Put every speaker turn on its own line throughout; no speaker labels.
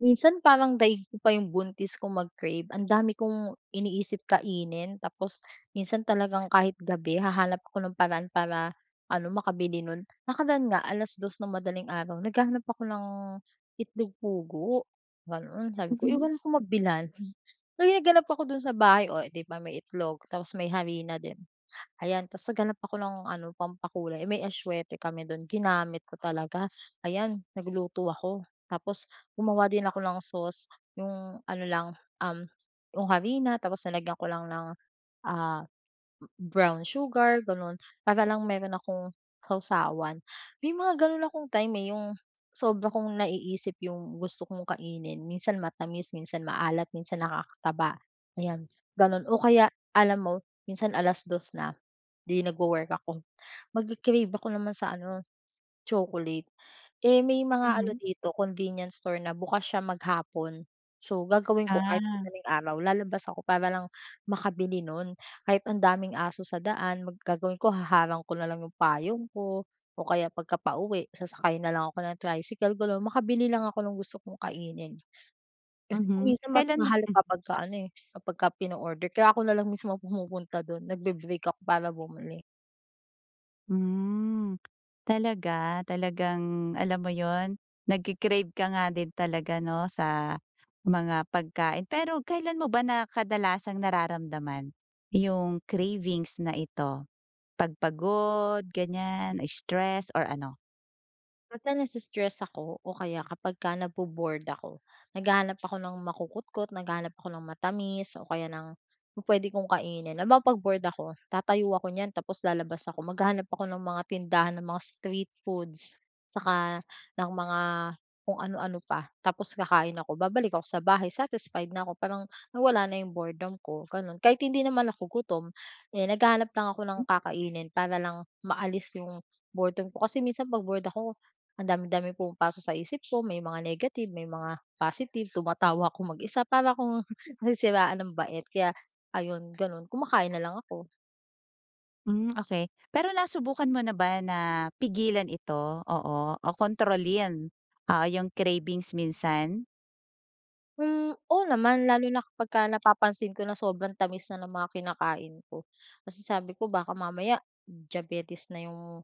Minsan parang daig ko pa yung buntis kung mag-crave ang dami kong iniisip kainin, tapos minsan talagang kahit gabi hahanap ako ng paraan para ano, makabili no'n. Nakaraan nga 2:00 ng madaling araw naghahanap ako ng itlog pugo, gano'n. Sabi ko, eh,
Mhm.
wala akong mabilhan, talagang naghanap ako do'n sa bahay o eh, 'di ba may itlog tapos may harina din, ayan ta's naghanap ako ng ano pampakulay, eh, may atsuwete kami do'n ginamit ko talaga. Ayan nagluto ako, tapos gumawa din ako ng sauce yung ano lang, um, yung harina tapos nilagyan ko lang ng, ah, brown sugar gano'n para lang mayro'n akong sawsawan. May mga gano'n akong time, eh, yung sobra kong naiisip yung gusto kong kainin minsan matamis, minsan maalat, minsan nakakataba, ayan gano'n. O kaya alam mo minsan 2:00 na, 'di nag-wo-work ako mag-cra-crave ako naman sa ano, chocolate, eh, may mga ano
Mhm.
dito convenience store na bukas siya maghapon. So gagawin ko kahit
Ah.
madaling araw lalabas ako para lang makabili no'n kahit ang daming aso sa daan gagawin ko haharang ko na lang yung payong ko o kaya pagka pauwi sasakayin na lang ako ng tricycle gano'n makabili lang ako ng gusto kong kainin. Kasi kung
Mhm,
minsan mas
kailan ba?
mahal kapagka ano, eh, kapagka pina-order kaya ako na lang mismo pumupunta do'n, nag-be-break ako para bumili.
Hmm, talaga? Talagang alam mo 'yon, nagki-crave ka nga din talaga 'no, sa mga pagkain. Pero kailan mo ba na, kadalasang nararamdaman yung cravings na ito, 'pag pagod, ganyan, stress or ano?
Basta nasi-stress ako o kaya kapagka nabo-bored ako, naghahanap ako ng makukutkot, naghahanap ako ng matamis o kaya ng yung puwede kong kainin. Halimbawa 'pag bored ako, tatayo ako niyan tapos lalabas ako, maghahanap ako ng mga tindahan ng mga street foods saka ng mga kung anu-ano pa. Tapos kakain ako, babalik ako sa bahay, satisfied na ako, parang nawala na 'yong boredom ko, gano'n. Kahit hindi naman ako gutom, eh, naghahanap lang ako ng
M
kakainin para lang maalis 'yong boredom ko. Kasi minsan 'pag bored ako, ang dami-daming pumapasok sa isip ko, may mga negative, may mga positive. Tumatawa ako mag-isa, para akong nasisiraan ng bait. Kaya, ayon, gano'n, kumakain na lang ako.
Hmm, okey. Pero nasubukan mo na ba na pigilan ito, oo, o kontrolin, oo, yung cravings minsan?
Hmm, oo, naman lalo na kapagka napapansin ko na sobrang tamis na ng mga kinakain ko. Kasi sabi ko baka mamaya diabetes na yung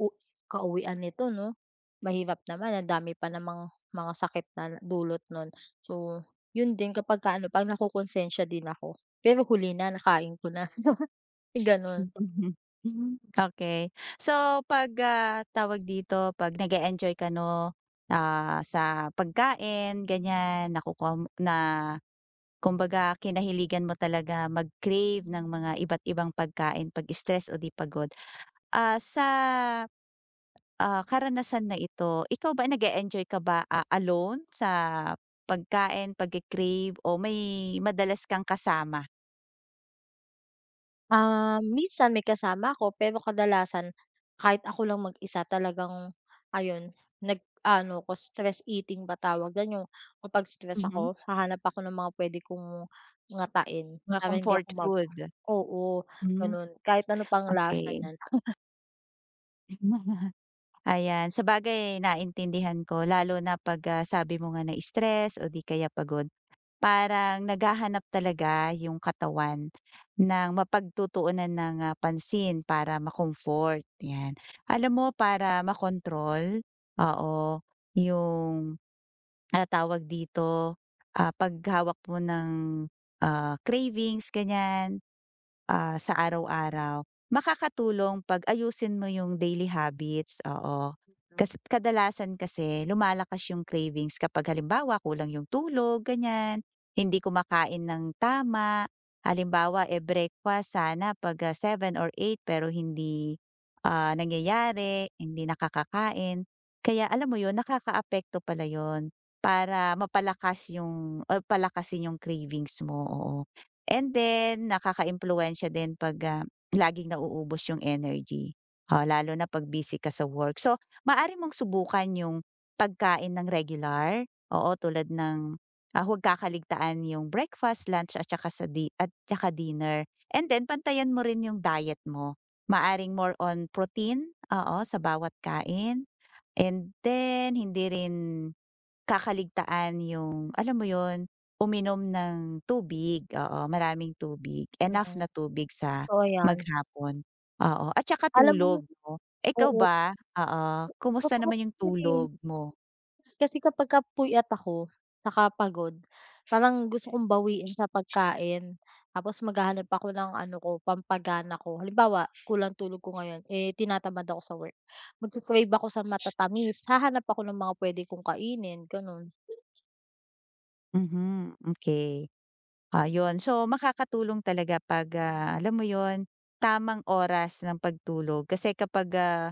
u kauwian nito 'no? Mahirap naman, ang dami pa namang mga sakit na dulot no'n. So, yun din kapagka ano, 'pag nakokonsensya din ako, pero huli na, nakain ko na, gano'n.
Mhm. Hmm, okey. So pag, ah, tawag dito, pag nag-eenjoy ka 'no, ah, sa pagkain, ganyan, nakukuha mo na kumbaga kinahiligan mo talaga mag-crave ng mga iba't ibang pagkain pag-stress o di pagod, ah, sa, ah, karanasan na ito, ikaw ba, nag-e-enjoy ka ba, ah, alone sa pagkain, pagki-crave o may madalas kang kasama?
Ah, minsan may kasama ako pero kadalasan kahit ako lang mag-isa, talagang ayon, nag-aano ko, "stress eating" ba tawag diyan? Yung kapag stress
Mhm.
ako, hahanap ako ng mga pwede kong ngatain
Mga
para hindi ako
comfort
mag
food.
oo,
Hmm,
gano'n. Kahit ano pa ano ang lasa
okey.
niyan.
Nagmamaha ayan. Sabagay, naintindihan ko lalo na 'pag, ah, sabi mo nga, nai-stress o 'di kaya pagod. Parang, naghahanap talaga 'yong katawan, ng mapagtutuunan ng, ah, pansin para ma-comfort, 'yan. Alam mo, para ma-control, oo, 'yong, ano tawag dito, ah, paghawak mo ng, ah, cravings, ganiyan, ah, sa araw-araw, makakatulong, 'pag ayusin mo 'yong daily habits, oo.
'bits, 'no.
Kasi kadalasan kasi lumalakas 'yong cravings kapag halimbawa kulang 'yong tulog, ganiyan, hindi kumakain ng tama. Halimbawa, eh, breakfast sana 'pag, ah, 7 or 8 pero hindi, ah, nangyayari, hindi nakakakain. Kaya, alam mo 'yon, nakakaapekto pala 'yon, para mapalakas 'yong or palakasin 'yong cravings mo, oo. And then, nakakaimpluwensya din 'pag, ah, laging nauubos 'yong energy, o, lalo na 'pag busy ka sa work. So, maaari mong subukan 'yong, pagkain ng regular, oo, tulad ng, ah, huwag kakaligtaan 'yong breakfast, lunch at saka sa di at saka dinner. And then, pantayan mo rin 'yong diet mo, maaaring more on protein, oo, sa bawat kain, and then, hindi rin, kakaligtaan 'yong, alam mo 'yon, uminom ng tubig, oo, maraming tubig, enough
Mm.
na tubig sa,
Totoo 'yan.
maghapon, oo, at saka
Alam mo
tulog, 'no. Ikaw
oo.
ba, oo,
A
kumusta
masarap
naman 'yong
'yon, eh.
tulog mo?
Kasi kapagka puyat ako, saka pagod, parang gusto kong bawiin sa pagkain. Tapos maghahanap ako ng ano ko, pampagana ko, halimbawa, kulang tulog ko ngayon, eh, tinatamad ako sa work, magki-crave ako sa matatamis, hahanap ako ng mga puwede kong kainin, gano'n.
Mhm, okey. Ah, 'yon, so makakatulong talaga 'pag, ah, alam mo 'yun, tamang oras ng pagtulog kasi kapag, ah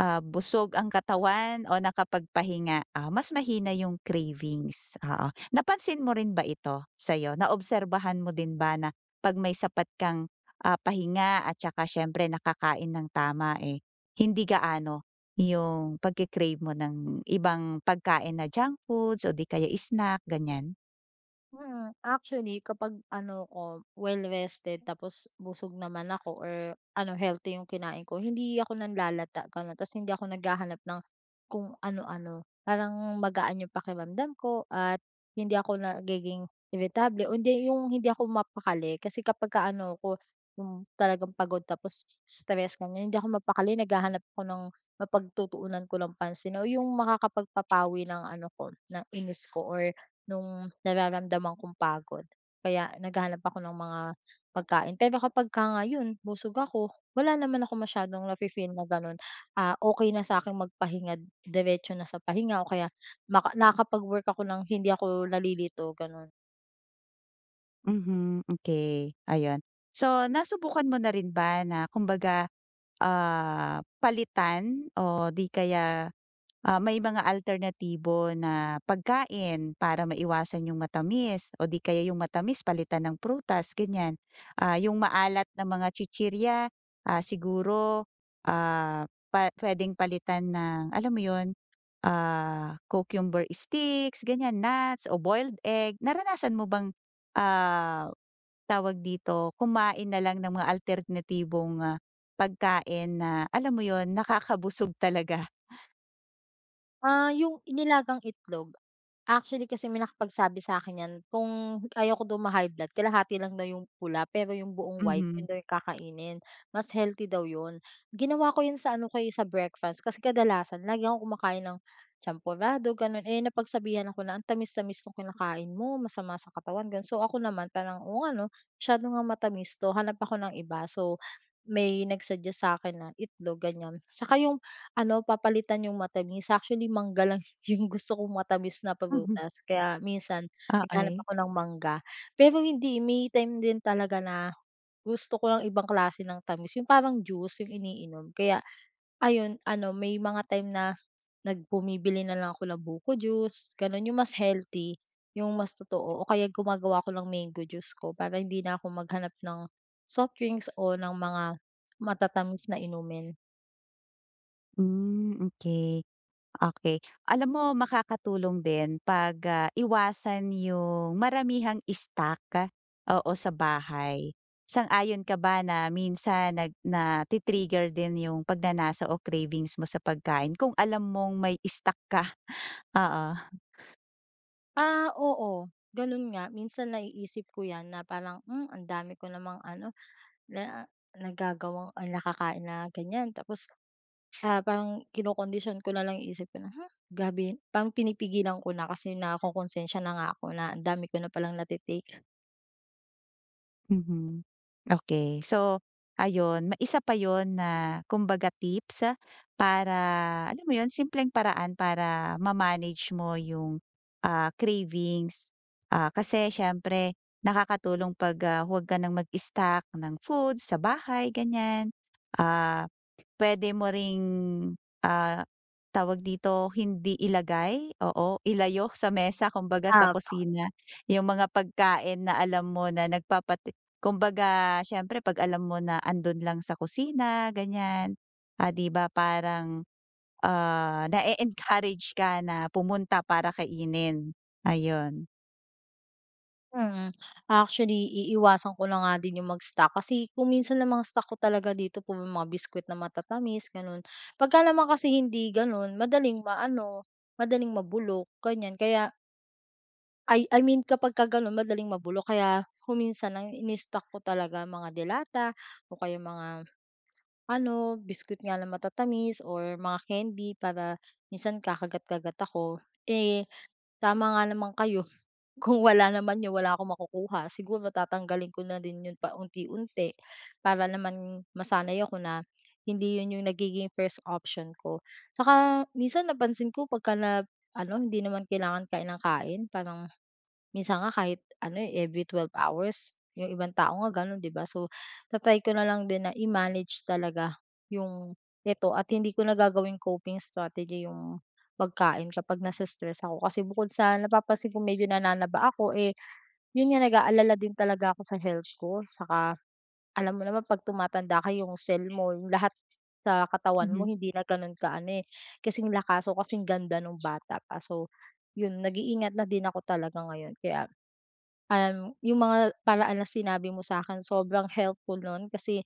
ah, busog ang katawan o nakapagpahinga, ah, mas mahina 'yung cravings, oo. Napansin mo rin ba ito, sa'yo, naobserbahan mo din ba na 'pag may sapat kang, ah, pahinga at tsaka siyempre nakakain nang tama, eh, hindi gaano 'yung pagki-crave mo ng ibang pagkain na junk foods o di kaya snack, ganiyan?
Mm, actually kapag ano 'ko, well-rested tapos busog naman ako or ano, healthy 'yung kinain ko, hindi ako nanlalata ganun, ta's hindi ako naghahanap ng kung ano-ano. Parang magaan 'yung pakiramdam ko at hindi ako nagiging iritable o hindi 'yung hindi ako mapakali, kasi kapagka ano 'ko 'yung talagang pagod tapos stress ganiyan, hindi ako mapakali, naghahanap ako ng mapagtutuunan ko ng pansin, o 'yung makakapagpapawi ng ano ko ng inis ko, or nung nararamdaman kong pagod, kaya naghahanap ako ng mga pagkain. Pero kapagka nga 'yon, busog ako, wala naman akong masyadong nafi-feel na gano'n, ah, okey na sa'king magpahinga, diretso na sa pahinga o kaya maka nakakapag-work ako nang hindi ako nalilito, gano'n.
Mhm, okey, ayun. So nasubukan mo na rin ba na kumbaga, ah, palitan o di kaya, ah, may mga alternatibo na pagkain para maiwasan 'yung matamis o di kaya 'yung matamis palitan ng prutas, ganiyan. Ah, 'yung maalat na mga chichirya, ah, siguro, ah, pa puwedeng palitan ng, alam mo 'yun, ah, cucumber sticks, ganiyan nuts o boiled egg, naranasan mo bang, ah, tawag dito, kumain na lang ng mga alternatibong pagkain na alam mo 'yun, nakakabusog talaga.
Ah, 'yung i nilagang itlog, actually kasi may nakapagsabi sa akin 'yan kung ayaw ko daw ma-high blood kalahati lang daw 'yung' pula pero 'yung buong white 'yun
Mhm.
daw kakainin, mas healthy daw 'yun. Ginawa ko 'yun sa ano ko, eh, sa breakfast kasi kadalasan lagi akong kumakain ng champorado, gano'n, eh, napagsabihan ako na, "Ang tamis-tamis nung kinakain mo masama sa katawan." Gano'n. So ako naman parang, "Oo nga 'no, masyado ngang matamis 'to, hanap ako ng iba." So may nag-suggest sa akin ng itlog ganiyan. 'Saka 'yung ano papalitan 'yung matamis, actually mangga lang 'yung gusto kong matamis na
Mhm.
prutas. Kaya minsan naghahanap
Okey.
ako ng mangga. Pero hindi, eh, may time din talaga na, gusto ko ang ibang klase ng tamis, 'yung parang juice 'yung iniinom, kaya ayon ano may mga time na nag bumibili na lang ako ng buko juice gano'n, 'yung mas healthy, 'yung mas totoo, o kaya gumagawa ako ng mango juice ko para hindi na ako maghanap ng soft drinks o ng mga matatamis na inumin.
Hmm, okey. Okey, alam mo makakatulong din 'pag, ah, iwasan 'yung maramihang stock, oo, sa bahay. Sang-ayon ka ba, na minsan nag na-ti-trigger din 'yung pagnanasa o cravings mo sa pagkain kung alam mong may stock ka? Oo.
Ah, oo, gano'n nga, minsan naiisip ko 'yan, na parang, "Hmm, ang dami ko namang ano, na nagagawang ah, nakakain na ganiyan." Tapos, habang kinokondisyon ko na lang 'yung isip ko na, "Ha, gabi" parang pinipigilan ko na, kasi nakokonsensiya na nga ako na, ang dami ko na palang na-te-take.
Mhm. Okey, so ayun, ma isa pa 'yun na, kumbaga tips para alam mo 'yun, simpleng paraan para ma-manage mo 'yung, ah, cravings. Ah, kasi siyempre, nakakatulong 'pag, ah, huwag ka ng mag-stock ng food sa bahay, ganiyan. Ah, puwede mo ring, ah, tawag dito hindi ilagay, oo. Ilayo sa mesa kumbaga, sa
Opo.
kusina, 'yung mga pagkain na alam mo na nagpapati kumbaga, siyempre 'pag alam mo na 'andun lang sa kusina, ganiyan, ah, 'di ba parang, ah, na-e-encourage ka na pumunta para kainin, ayon.
Mm. Actually, iiwasan ko na nga din 'yong mag-stock. Kasi, kung minsan ang mga stock ko talaga dito puro mga biscuit na matatamis, gano'n. 'Pagka naman kasi hindi gano'n, madaling maano, madaling mabulok, ganiyan. Kaya I I mean kapagka gano'n madaling mabulok, kaya, kung minsan ang ini-stock ko talaga mga delata o kaya mga, ano, biscuit nga na matatamis or mga kendi para, minsan kakagat-kagat ako. Eh, tama nga naman kayo, kung wala naman 'yon wala akong makukuha. Siguro tatanggalin ko na din 'yon pa unti-unti. Para naman, masanay ako na, hindi 'yon 'yong nagiging first option ko. Saka, minsan napansin ko 'pagka nab ano, hindi naman kailangan kain nang kain parang, minsan nga kahit ano, eh, every 12 hours, 'yong ibang tao nga gano'n, 'di ba. So, ta-try ko na lang din na i-manage talaga, 'yong, ito at hindi ko na gagawing coping strategy 'yong, pagkain kapag nasi-stress ako. Kasi, bukod sa napapansin ko medyo nananaba ako, eh, 'yon nga nag-aalala din talaga ako sa health ko. 'Tsaka, alam mo naman 'pag tumatanda ka 'yong cell mo, 'yong lahat, sa katawan mo
Mhm.
hindi na gano'n kaano, eh, kasing lakas o kasing ganda no'ng bata pa. So, 'yon, nag-iingat na din ako talaga ngayon. Kaya, um, 'yong mga, paraan na sinabi mo sa'kin sobrang helpful no'n kasi,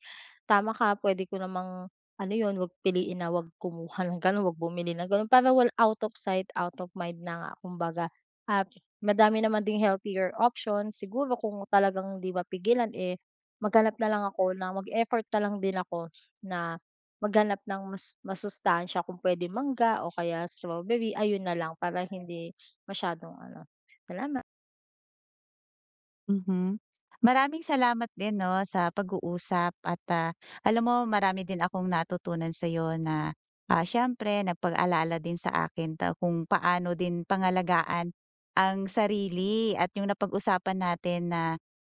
tama ka, puwede ko namang, ano 'yon, 'wag piliin na 'wag kumuha ng gano'n, 'wag bumili ng gano'n para wal out of sight, out of mind na nga kumbaga. At madami naman ding healthier options, siguro kung talagang hindi mapigilan, eh, maghanap na lang ako, na mag-effort na lang din ako, na, maghanap ng masu masustansya kung puwede mangga o kaya strawberry, ayun na lang para hindi, masyadong ano. Salama
Mhm. Maraming salamat din, 'no, sa pag-uusap. At, ah, alam mo, marami din akong natutunan sa'yo na, ah, siyempre napag-alala din sa akin 'to, kung paano din pangalagaan, ang sarili. At 'yong napag-usapan natin na,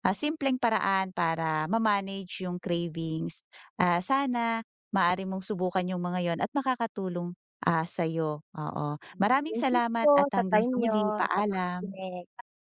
ah, simpleng paraan para ma-manage 'yong cravings. Ah, sana, maaari mong subukan 'yong mga 'yon at makakatulong ah, sa'yo, oo.
[unintelligible]
Maraming
Thank you
salamat
po
at
sa
hanggang
time
sa muli
niyo, sa
paalam.
pakikinig. Pa